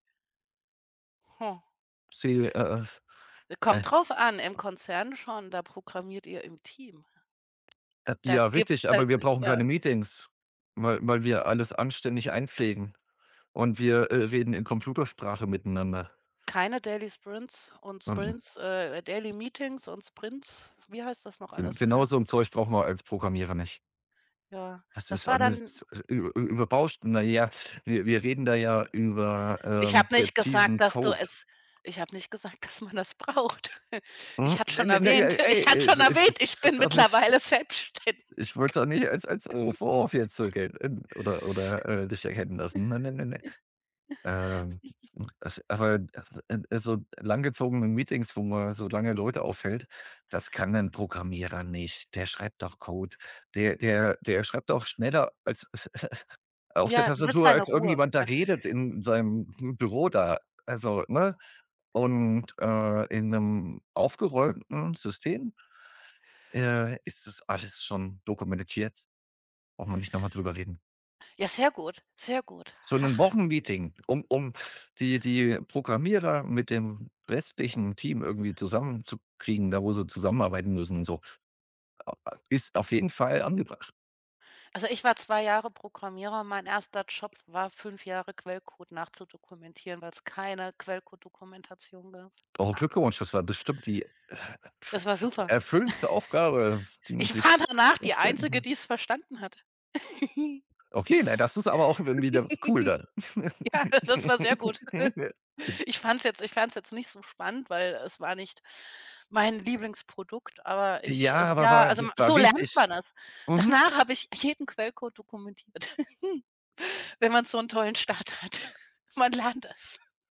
Hm. Sie äh, E äh, äh kommt drauf an, im Konzern schon, da programmiert ihr im Team. [unintelligible] Da Ja, gibt's richtig, halt aber wir brauchen keine ja. Meetings, weil weil wir alles anständig einpflegen und wir, äh, reden in Computersprache miteinander. Keine Daily Sprints und [unintelligible] Sprints, äh, Daily Meetings und Sprints. Wie heißt das noch G alles, ja? genauso 'n Zeug brauchen wir als Programmierer nicht. Ja, Das das ist war dann alles Ü Ü Überbauscht. Na ja, wir wir reden da ja über, Ich ähm, habe nicht gesagt, präzisen dass du Code. es ich habe nicht gesagt, dass man das braucht. Ich [unintelligible] hatte Ne, schon ne, ne, erwähnt ich ey hatte ey, schon erwähnt, ich bin [unintelligible] auch nicht. mittlerweile selbstständig. Ich wollte es auch nicht als als, äh, Vorwurf jetzt so gel hm, oder oder, äh, dich erkennen lassen. Ne, ne, ne, ne. Ähm, as aber [unintelligible] so langgezogene Meetings, wo man so lange Leute aufhält, das kann 'n Programmierer nicht. Der schreibt doch Code. Der der der schreibt doch schneller als auf der Ja, du willst Tastatur, deine als Ruhe, irgendjemand da ja. redet in seinem Büro da, also, ne, und, äh, in 'nem aufgeräumten System, äh, ist das alles schon dokumentiert. Brauchen wir nicht noch mal drüber reden. Ja, sehr gut, sehr gut. So 'nen Hach. Wochenmeeting, um um die die Programmierer mit dem restlichen Team irgendwie zusammenzukriegen, da wo sie zusammenarbeiten müssen und so, äh äh, ist auf jeden Fall angebracht. Also, ich war 2 Jahre Programmierer. Mein 1. Job war 5 Jahre Quellcode nachzudokumentieren, weil's keine Quellcodedokumentation gab, Oh, ha! Glückwunsch, das war bestimmt die, äh, Das war super. erfüllendste Aufgabe, die man Ich war sich danach die vorstellen Einzige, mhm. die's verstanden hat. Okay, ne, das ist aber auch dann wieder cool dann. Ja, das war sehr gut. Ich fand's jetzt ich fand's jetzt nicht so spannend, weil es war nicht mein Lieblingsprodukt, aber ich Ja, es aber ja, war also wi war so lernt wichtig. man es. Mhm. Danach habe ich jeden Quellcode dokumentiert. Wenn man so 'n tollen Start hat. Man lernt es.